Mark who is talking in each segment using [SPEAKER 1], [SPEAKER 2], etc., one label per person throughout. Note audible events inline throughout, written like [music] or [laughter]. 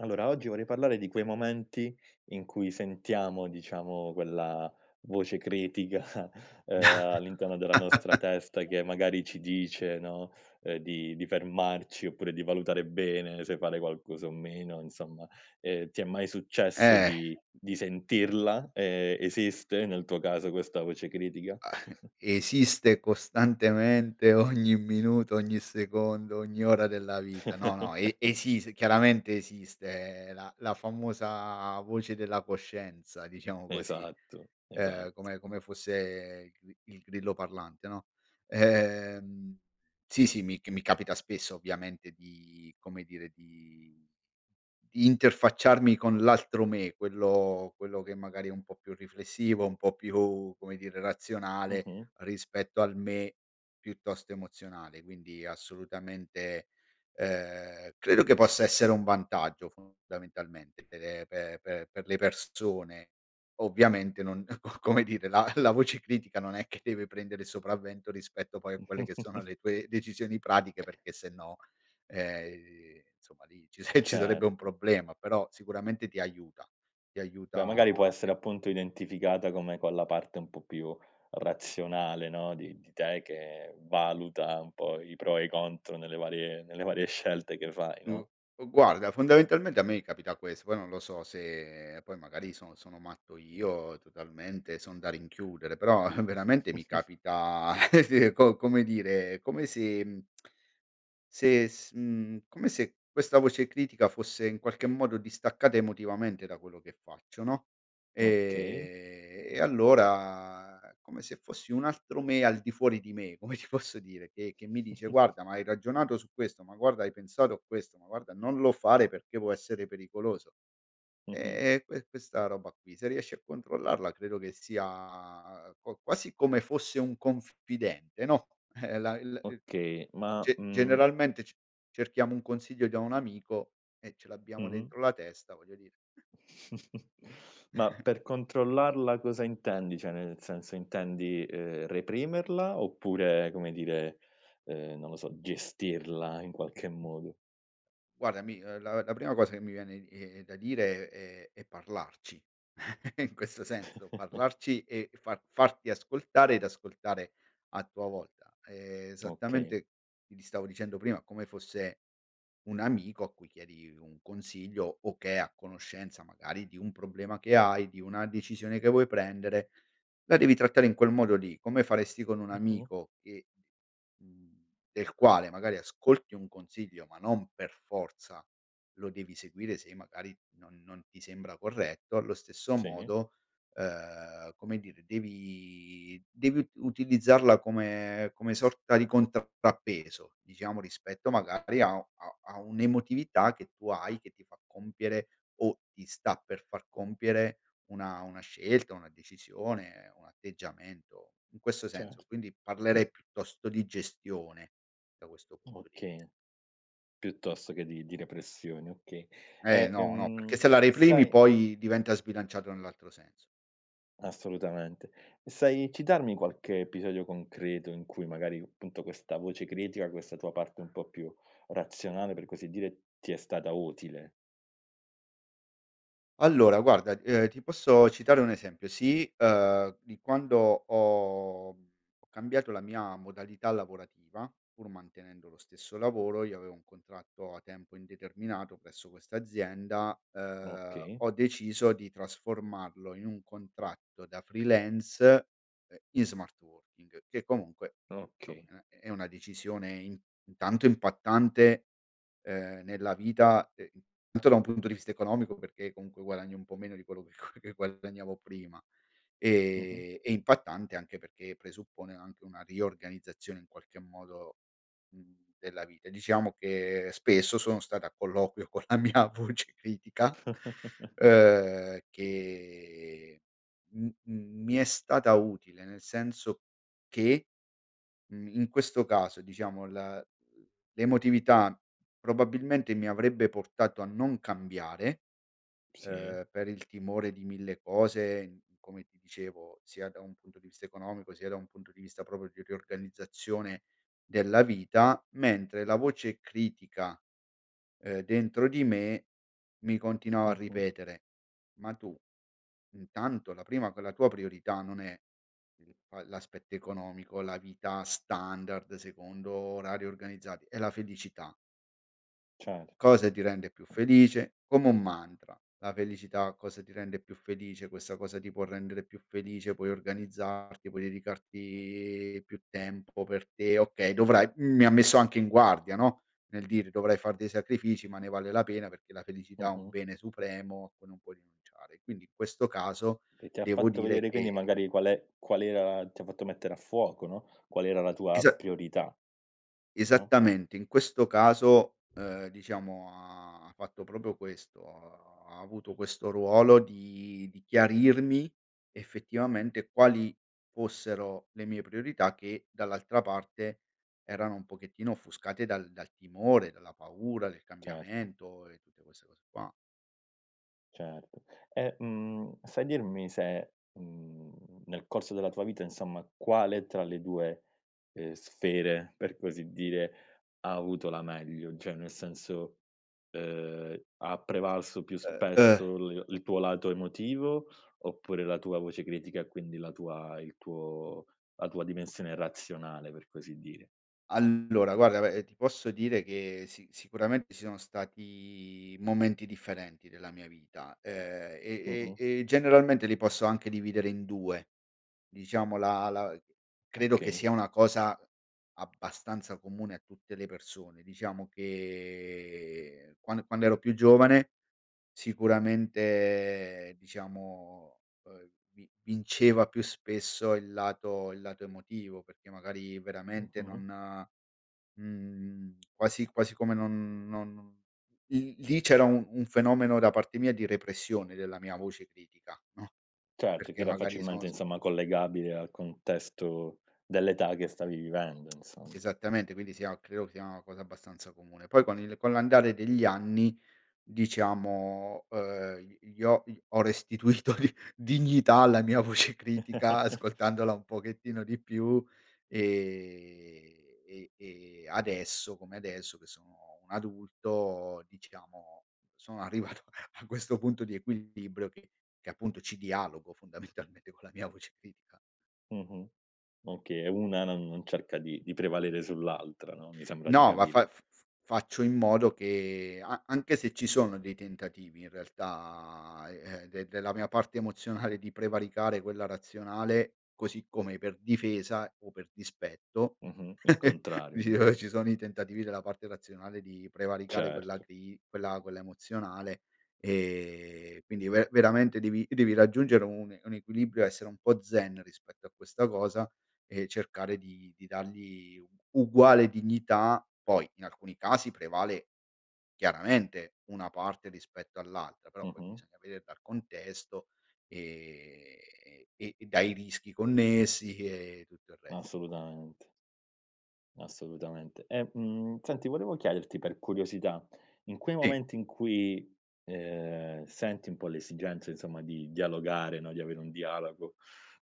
[SPEAKER 1] Allora, oggi vorrei parlare di quei momenti in cui sentiamo, diciamo, quella voce critica, uhm, all'interno della nostra
[SPEAKER 2] [laughs]
[SPEAKER 1] testa che magari ci dice, no, uhm, di di fermarci oppure di valutare bene se fare qualcosa o meno, insomma. Ehm, ti è mai successo
[SPEAKER 2] Eh.
[SPEAKER 1] di di sentirla e esiste, nel tuo caso, questa voce critica? [chuckles]
[SPEAKER 2] Esiste costantemente ogni minuto, ogni secondo, ogni ora della vita. No no, e
[SPEAKER 1] [chuckles]
[SPEAKER 2] esis chiaramente esiste la la famosa voce della coscienza, diciamo così.
[SPEAKER 1] Esatto,
[SPEAKER 2] Uhm,
[SPEAKER 1] esatto.
[SPEAKER 2] come come fosse il gri il grillo parlante, no? Ehm, sì, sì, mi c mi capita spesso, ovviamente, di come dire, di di interfacciarmi con l'altro me, quello quello che magari è un po' più riflessivo, un po' più, come dire, razionale
[SPEAKER 1] Mh-mh.
[SPEAKER 2] rispetto al me piuttosto emozionale, quindi assolutamente, uhm, credo che possa essere un vantaggio, fondamentalmente, per pe pe per le persone. Ovviamente non, co come dire, la la voce critica non è che deve prendere il sopravvento rispetto poi a quelle che sono
[SPEAKER 1] [chuckles]
[SPEAKER 2] le tue decisioni pratiche, perché se no, ehm, insomma, lì ci ci sarebbe un
[SPEAKER 1] Certo.
[SPEAKER 2] problema, però sicuramente ti aiuta, ti
[SPEAKER 1] Beh,
[SPEAKER 2] aiuta
[SPEAKER 1] magari può
[SPEAKER 2] a
[SPEAKER 1] essere
[SPEAKER 2] pen
[SPEAKER 1] appunto identificata come con la parte un po' più razionale, no, di di te che valuta un po' i pro e i contro nelle varie nelle varie scelte che fai,
[SPEAKER 2] Gu
[SPEAKER 1] no?
[SPEAKER 2] guarda, fondamentalmente a me capita questo, poi non lo so se poi magari sono sono matto io, totalmente, son da rinchiudere, però veramente mi
[SPEAKER 1] [snorts]
[SPEAKER 2] capita [laughs] co come dire, come se [tsk] se, s mhmm, come se questa voce critica fosse in qualche modo distaccata emotivamente da quello che faccio, no?
[SPEAKER 1] Okay.
[SPEAKER 2] Ehm, e allora come se fossi un altro me al di fuori di me, come ti posso dire, che che mi dice:
[SPEAKER 1] [snorts]
[SPEAKER 2] “Guarda, ma hai ragionato su questo? Ma guarda, hai pensato a questo? Ma guarda, non lo fare perché può essere pericoloso”.
[SPEAKER 1] Mh-mh.
[SPEAKER 2] Eh e que questa roba qui, se riesci a controllarla, credo che sia qua quasi come fosse un confidente, no, eh la il il
[SPEAKER 1] Okay, ma,
[SPEAKER 2] ge
[SPEAKER 1] mhmm
[SPEAKER 2] generalmente c cerchiamo un consiglio da un amico e ce
[SPEAKER 1] Mh
[SPEAKER 2] l'abbiamo
[SPEAKER 1] mh.
[SPEAKER 2] dentro la testa, voglio dire.
[SPEAKER 1] [snorts] Ma
[SPEAKER 2] [chuckles]
[SPEAKER 1] per controllarla cosa intendi? Cioè, nel senso, intendi, ehm, reprimerla oppure come dire, uhm, non lo so, gestirla in qualche modo?
[SPEAKER 2] Guardami, la la prima cosa che mi viene eh da dire è è parlarci, [chuckles] in questo senso,
[SPEAKER 1] [chuckles]
[SPEAKER 2] parlarci e far farti ascoltare ed ascoltare a tua volta
[SPEAKER 1] Okay.
[SPEAKER 2] esattamente, ti stavo dicendo prima, come fosse un amico a cui chiedi un consiglio o che è a conoscenza magari di un problema che hai, di una decisione che vuoi prendere, la devi trattare in quel modo lì, come faresti con un
[SPEAKER 1] Mh-mh.
[SPEAKER 2] amico che, mhmm, del quale magari ascolti un consiglio ma non per forza lo devi seguire se magari non non ti sembra corretto, allo stesso
[SPEAKER 1] Sì.
[SPEAKER 2] modo, ehm, come dire, devi devi u utilizzarla come come sorta di contrappeso diciamo, rispetto magari a a a un'emotività che tu hai che ti fa compiere o ti sta per far compiere una una scelta, una decisione, un atteggiamento in questo
[SPEAKER 1] Cer
[SPEAKER 2] senso. Quindi
[SPEAKER 1] [clears throat]
[SPEAKER 2] parlerei piuttosto di gestione da questo punto di vista.
[SPEAKER 1] Okay, piuttosto che di di repressione, okay.
[SPEAKER 2] Eh
[SPEAKER 1] Eh
[SPEAKER 2] no no,
[SPEAKER 1] ehm,
[SPEAKER 2] perchè se la reprimi
[SPEAKER 1] sai
[SPEAKER 2] poi diventa sbilanciato nell'altro senso.
[SPEAKER 1] Assolutamente, e sai citarmi qualche episodio concreto in cui magari, appunto, questa voce critica, questa tua parte un po' più razionale, per così dire, ti è stata utile?
[SPEAKER 2] Allora guarda, uhm, ti posso citare un esempio sì, uhm, di quando ho ho cambiato la mia modalità lavorativa pur mantenendo lo stesso lavoro. Io avevo un contratto a tempo indeterminato presso questa azienda, uhm,
[SPEAKER 1] Okay.
[SPEAKER 2] ho deciso di trasformarlo in un contratto da freelance, uhm, in smart working, che comunque,
[SPEAKER 1] Okay.
[SPEAKER 2] insomma, è è una decisione in intanto impattante, uhm, nella vita, ehm, intanto da un punto di vista economico, perché comunque guadagni un po' meno di quello che che guadagnavo prima,
[SPEAKER 1] Mh-mh.
[SPEAKER 2] e e impattante anche perché presuppone anche una riorganizzazione, in qualche modo, mhmm, della vita. Diciamo che spesso sono stato a colloquio con la mia voce critica,
[SPEAKER 1] [chuckles]
[SPEAKER 2] uhm, che m m mi è stata utile, nel senso che, mhmm, in questo caso, diciamo, la l'emotività probabilmente mi avrebbe portato a non cambiare,
[SPEAKER 1] Sì.
[SPEAKER 2] uhm, per il timore di mille cose, come ti dicevo, sia da un punto di vista economico, sia da un punto di vista proprio di riorganizzazione della vita, mentre la voce critica, uhm, dentro di me mi continuava a
[SPEAKER 1] Mh-mh.
[SPEAKER 2] ripetere: “Ma tu, intanto, la prima con la tua priorità non è il l'aspetto economico, la vita standard secondo orari organizzati, è la felicità.”
[SPEAKER 1] Certo,
[SPEAKER 2] Cosa ti rende più
[SPEAKER 1] mh.
[SPEAKER 2] felice? Come un mantra, la felicità, cosa ti rende più felice, questa cosa ti può rendere più felice, puoi organizzarti, puoi dedicarti più tempo per te, okay, dovrai, mi ha messo anche in guardia no, nel dire: "Dovrai far dei sacrifici ma ne vale la pena perché la felicità è un
[SPEAKER 1] Mh-mh.
[SPEAKER 2] bene supremo a cui non puoi rinunciare", quindi in questo caso
[SPEAKER 1] Che ti ha
[SPEAKER 2] devo
[SPEAKER 1] fatto
[SPEAKER 2] dire
[SPEAKER 1] vedere quindi
[SPEAKER 2] che
[SPEAKER 1] magari qual è qual era, ti ha fatto mettere a fuoco, no, qual era la tua
[SPEAKER 2] Esa
[SPEAKER 1] priorità? Mh.
[SPEAKER 2] Esattamente, in questo caso, uhm, diciamo ha fatto proprio questo, ha ha avuto questo ruolo di di chiarirmi effettivamente quali fossero le mie priorità che dall'altra parte erano un pochettino offuscate dal dal timore, dalla paura, del
[SPEAKER 1] Certo.
[SPEAKER 2] cambiamento e tutte queste cose qua.
[SPEAKER 1] Certo, e, mhmm, sai dirmi se, mhmm, nel corso della tua vita insomma, quale tra le due, ehm, sfere per così dire, ha avuto la meglio? Cioè nel senso, ehm, ha prevalso più
[SPEAKER 2] Uhm uhm
[SPEAKER 1] spesso l il tuo lato emotivo, oppure la tua voce critica, e quindi la tua il tuo la tua dimensione razionale per così dire?
[SPEAKER 2] Allora guarda, ve ti posso dire che si sicuramente ci sono stati momenti differenti della mia vita, ehm, e
[SPEAKER 1] Mh-mh.
[SPEAKER 2] e e generalmente li posso anche dividere in 2, diciamo, la la credo che
[SPEAKER 1] Okay.
[SPEAKER 2] sia una cosa abbastanza comune a tutte le persone; diciamo che quan quando ero più giovane sicuramente, diciamo, uhm, vi vinceva più spesso il lato il lato emotivo, perché magari veramente
[SPEAKER 1] Mh-mh.
[SPEAKER 2] non, mhmm, quasi quasi come non non non lì lì c'era un un fenomeno da parte mia di repressione della mia voce critica, no,
[SPEAKER 1] Certo, che
[SPEAKER 2] perché
[SPEAKER 1] era
[SPEAKER 2] magari
[SPEAKER 1] facilmente
[SPEAKER 2] son son
[SPEAKER 1] insomma collegabile al contesto dell'età che stavi vivendo
[SPEAKER 2] [tsk]
[SPEAKER 1] insomma.
[SPEAKER 2] Esattamente quindi sia, credo, sia una cosa abbastanza comune. Poi con il con l'andare degli anni, diciamo, uhm, gli ho ho restituito di dignità alla mia voce critica
[SPEAKER 1] [laughs]
[SPEAKER 2] ascoltandola un pochettino di più e e e adesso come adesso che sono un adulto diciamo, sono arrivato a a questo punto di equilibrio che che appunto ci dialogo fondamentalmente con la mia voce critica.
[SPEAKER 1] Mh-mh, okay, una non non cerca di di prevalere sull'altra no, mi sembra di
[SPEAKER 2] No ma
[SPEAKER 1] capire.
[SPEAKER 2] fa f f faccio in modo che a anche se ci sono dei tentativi in realtà, eh ehm, de della mia parte emozionale di prevaricare quella razionale, così come per difesa o per dispetto,
[SPEAKER 1] Mh-mh, il
[SPEAKER 2] [laughs]
[SPEAKER 1] contrario,
[SPEAKER 2] dici:
[SPEAKER 1] no?
[SPEAKER 2] "Ora ci sono i tentativi della parte razionale di prevaricare quella
[SPEAKER 1] Certo.
[SPEAKER 2] cri quella quella emozionale" ehm, quindi ve veramente devi devi raggiungere un un equilibrio essere un po' zen rispetto a questa cosa e cercare di di dargli uguale dignità. Poi, in alcuni casi, prevale chiaramente una parte rispetto all'altra, però poi
[SPEAKER 1] Mh-mh.
[SPEAKER 2] bisogna veder dal contesto, ehm, e dai rischi connessi e tutto il resto.
[SPEAKER 1] Assolutamente. Assolutamente. E, mmh, senti volevo chiederti, per curiosità, in quei
[SPEAKER 2] Sì.
[SPEAKER 1] momenti in cui, ehm, senti un po' l'esigenza insomma di dialogare no, di avere un dialogo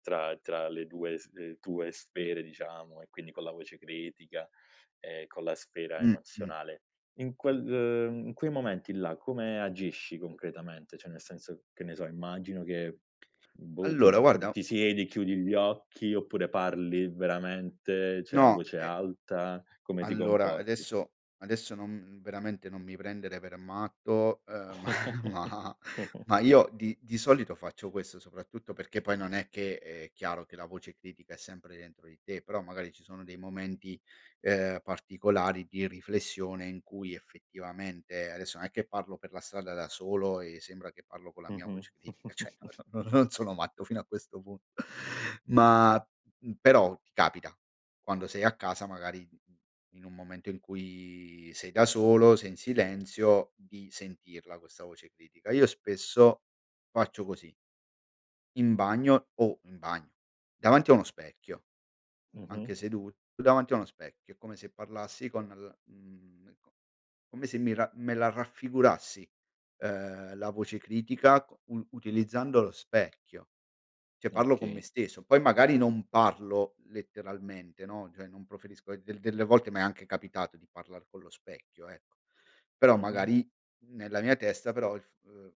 [SPEAKER 1] tra tra le due sf tue sfere diciamo e quindi con la voce critica, [inhales] e con la sfera
[SPEAKER 2] Mh mh.
[SPEAKER 1] emozionale, in quel, uhm, in quei momenti là, come agisci concretamente? Cioè nel senso, che ne so, immagino che boh ti
[SPEAKER 2] Allora,
[SPEAKER 1] pr
[SPEAKER 2] guarda
[SPEAKER 1] ti siedi chiudi gli occhi, oppure parli veramente cioè a
[SPEAKER 2] No,
[SPEAKER 1] voce
[SPEAKER 2] eh
[SPEAKER 1] alta, come ti
[SPEAKER 2] Allora,
[SPEAKER 1] comporti?
[SPEAKER 2] adesso, adesso, non veramente non mi prendere per matto, uhm ma ma
[SPEAKER 1] [laughs]
[SPEAKER 2] ma io di di solito faccio questo soprattutto perché poi non è che è chiaro che la voce critica è sempre dentro di te, però magari ci sono dei momenti, uhm, particolari di riflessione in cui effettivamente, adesso, non è che parlo per la strada da solo e sembra che parlo con la mia
[SPEAKER 1] Mh-mh.
[SPEAKER 2] voce critica, cioè no
[SPEAKER 1] [chuckles]
[SPEAKER 2] no no, non sono matto fino a questo punto. Ma, mh, però ti capita, quando sei a casa, magari in in un momento in cui sei da solo, sei in silenzio, di sentirla, questa voce critica. Io spesso faccio così. In bagno o in bagno, davanti a uno specchio, anche
[SPEAKER 1] Mh-mh.
[SPEAKER 2] sedut davanti a uno specchio, come se parlassi con l mhmm, co come se mi ra me la raffigurassi, uhm, la voce critica co u utilizzando lo specchio. Cioè parlo con me
[SPEAKER 1] Okay.
[SPEAKER 2] stesso, poi magari non parlo letteralmente, no, cioè non proferisco e del delle volte m'è anche capitato di parlar con lo specchio, ecco, però
[SPEAKER 1] Mh-mh.
[SPEAKER 2] magari nella mia testa però il f uhm,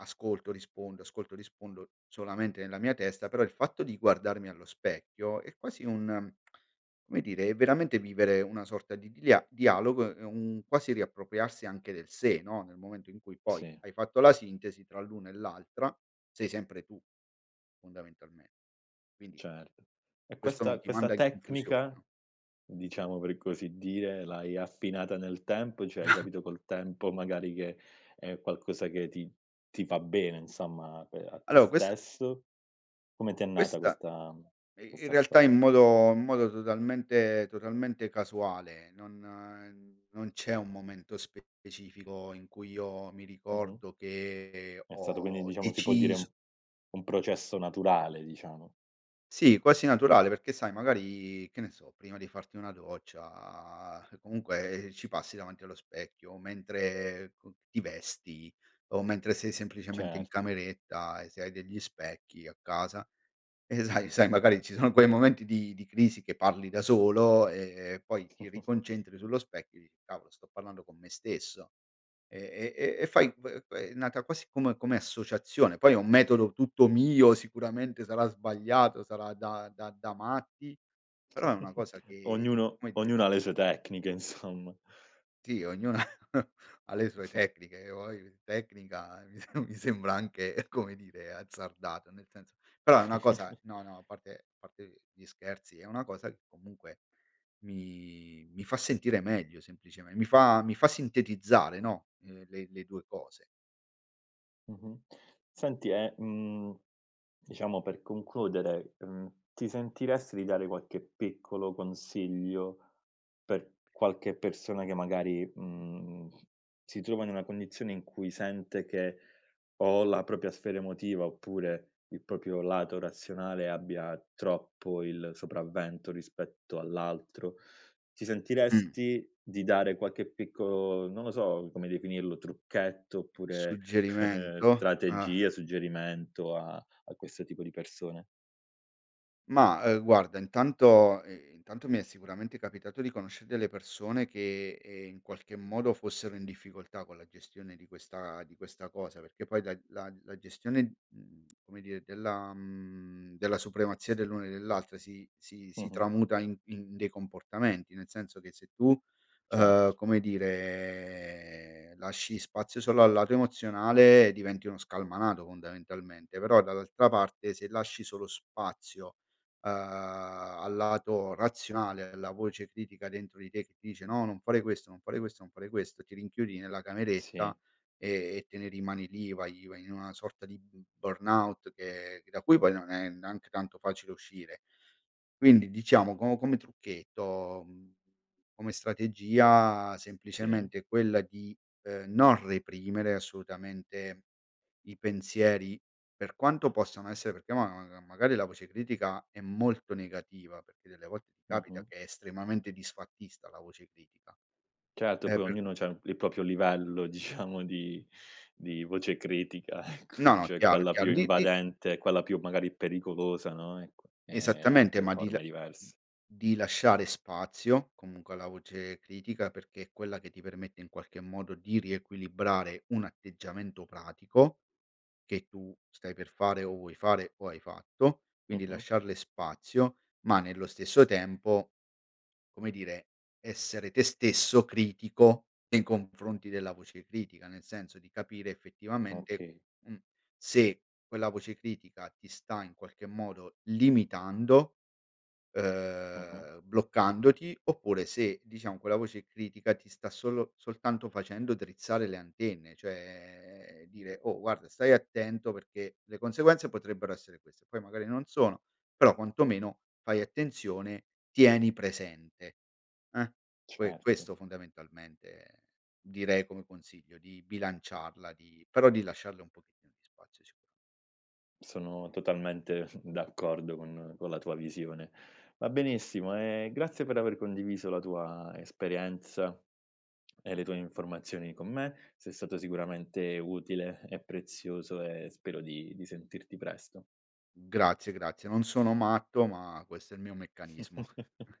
[SPEAKER 2] ascolto, rispondo, ascolto, rispondo solamente nella mia testa. Però il fatto di guardarmi allo specchio è quasi un [tsk] come dire, è veramente vivere una sorta di dia dialogo, è un quasi riappropriarsi anche del sé, no, nel momento in cui poi
[SPEAKER 1] Sì.
[SPEAKER 2] hai fatto la sintesi tra l'una e l'altra, sei sempre tu, fondamentalmente, quindi
[SPEAKER 1] Certo. E
[SPEAKER 2] questo non
[SPEAKER 1] questa
[SPEAKER 2] ti
[SPEAKER 1] questa
[SPEAKER 2] manda in confusione,
[SPEAKER 1] tecnica,
[SPEAKER 2] no.
[SPEAKER 1] diciamo per così dire, l'hai affinata nel tempo, cioè hai
[SPEAKER 2] [chuckles]
[SPEAKER 1] capito col tempo magari che è qualcosa che ti ti fa bene, insomma, per a te
[SPEAKER 2] Allora, questa
[SPEAKER 1] stesso? Come ti è nata
[SPEAKER 2] questa
[SPEAKER 1] questa
[SPEAKER 2] i in
[SPEAKER 1] questa
[SPEAKER 2] realtà
[SPEAKER 1] storia?
[SPEAKER 2] in modo in modo totalmente totalmente casuale, non non c'è un momento specifico in cui io mi
[SPEAKER 1] Mh-mh.
[SPEAKER 2] ricordo che
[SPEAKER 1] È stato quindi,
[SPEAKER 2] ho
[SPEAKER 1] diciamo, si può dire un
[SPEAKER 2] decis
[SPEAKER 1] un processo naturale, diciamo.
[SPEAKER 2] Sì, quasi naturale perché sai magari che ne so, prima di farti una doccia comunque ci passi davanti allo specchio, mentre con ti vesti o mentre sei semplicemente in
[SPEAKER 1] Certo.
[SPEAKER 2] cameretta e se hai degli specchi a casa, e sai sai magari ci sono quei momenti di di crisi che parli da solo e e poi ti
[SPEAKER 1] [chuckles]
[SPEAKER 2] riconcentri sullo specchio e dici: "Cavolo sto parlando con me stesso". E e e e fai v ve è nata quasi come come associazione poi è un metodo tutto mio, sicuramente sarà sbagliato, sarà da da da matti però è una
[SPEAKER 1] [chuckles]
[SPEAKER 2] cosa che
[SPEAKER 1] Ognuno
[SPEAKER 2] come dire
[SPEAKER 1] ognuno ha le sue tecniche insomma.
[SPEAKER 2] Sì, ognuno [chuckles] ha le sue
[SPEAKER 1] [snorts]
[SPEAKER 2] tecniche o il tecnica, mi sem mi sembra anche, come dire, azzardato nel senso però è una cosa no no, a
[SPEAKER 1] [chuckles]
[SPEAKER 2] parte a parte gli scherzi, è una cosa che comunque mi mi fa sentire meglio semplicemente. Mi fa mi fa sintetizzare no, uhm, le le 2 cose.
[SPEAKER 1] Mh-mh. Senti e, mhmm, diciamo per concludere, uhm, ti sentiresti di dare qualche piccolo consiglio per qualche persona che magari, mhmm, si trova in una condizione in cui sente che o la propria sfera emotiva oppure il proprio lato razionale abbia troppo il sopravvento rispetto all'altro, [inhales] ti
[SPEAKER 2] Mh.
[SPEAKER 1] sentiresti di dare qualche piccolo, non lo so come definirlo, trucchetto oppure [chuckles]
[SPEAKER 2] Suggerimento, eh.
[SPEAKER 1] strategia, suggerimento a a questo tipo di persone?
[SPEAKER 2] Mah, uhm, guarda, intanto i intanto mi è sicuramente capitato di conoscere delle persone che, ehm, in qualche modo fossero in difficoltà con la gestione di questa di questa cosa, perché poi la la la gestione, mhmm, [tsk] come dire, della mhmm, della supremazia dell'uno e dell'altra si si si
[SPEAKER 1] Mh-mh.
[SPEAKER 2] tramuta in in dei comportamenti. Nel senso che se tu, uhm,
[SPEAKER 1] Certo.
[SPEAKER 2] come dire, lasci spazio solo al lato emozionale diventi uno scalmanato, fondamentalmente, però dall'altra parte se lasci solo spazio, uhm, al lato razionale, alla voce critica dentro di te che dice: “No, non fare questo non fare questo non fare questo”, ti rinchiudi nella
[SPEAKER 1] Sì.
[SPEAKER 2] cameretta e e te ne rimani lì, vai vai in una sorta di b burnout che che da cui poi non è neanche tanto facile uscire. Quindi diciamo co come trucchetto, mhmm, come strategia,
[SPEAKER 1] Sì.
[SPEAKER 2] semplicemente quella di, uhm, non reprimere assolutamente i pensieri, per quanto possano essere perché ma mag magari la voce critica è molto negativa, perché delle volte ti capita
[SPEAKER 1] Mh-mh.
[SPEAKER 2] che è estremamente disfattista, la voce critica,
[SPEAKER 1] Certo,
[SPEAKER 2] eh,
[SPEAKER 1] poi
[SPEAKER 2] per
[SPEAKER 1] ognuno c'ha il proprio livello diciamo di di voce critica, ecco,
[SPEAKER 2] No,
[SPEAKER 1] cioè
[SPEAKER 2] chiaro è
[SPEAKER 1] quella più
[SPEAKER 2] chiaro, gli i
[SPEAKER 1] invadente, quella più magari pericolosa, no, ec eh
[SPEAKER 2] Esattamente,
[SPEAKER 1] altre
[SPEAKER 2] ma di
[SPEAKER 1] forme
[SPEAKER 2] la
[SPEAKER 1] diverse.
[SPEAKER 2] di lasciare spazio comunque alla voce critica, perché è quella che ti permette in qualche modo di riequilibrare un atteggiamento pratico che tu stai per fare o vuoi fare o hai fatto, quindi
[SPEAKER 1] Mh-mh.
[SPEAKER 2] lasciarle spazio ma nello stesso tempo, come dire, essere te stesso critico nei confronti della voce critica. Nel senso di capire effettivamente,
[SPEAKER 1] Okay.
[SPEAKER 2] uhm, se quella voce critica ti sta in qualche modo limitando,
[SPEAKER 1] Mh-mh.
[SPEAKER 2] ehm, bloccandoti oppure se, diciamo, quella voce critica ti sta solo soltanto, facendo drizzare le antenne, cioè dire: “Oh, guarda, stai attento perché le conseguenze potrebbero essere queste, poi magari non sono però quantomeno fai attenzione, tieni presente, eh.” Que
[SPEAKER 1] Certo.
[SPEAKER 2] questo, fondamentalmente, direi come consiglio: di bilanciarla, di però di lasciarle un pochettino di spazio, sicuro.
[SPEAKER 1] Sono totalmente d'accordo con con la tua visione. Va benissimo e grazie per aver condiviso la tua esperienza e le tue informazioni con me, sei stato sicuramente utile e prezioso e spero di di sentirti presto.
[SPEAKER 2] Grazie grazie, non sono matto ma questo è il mio meccanismo.
[SPEAKER 1] [chuckles]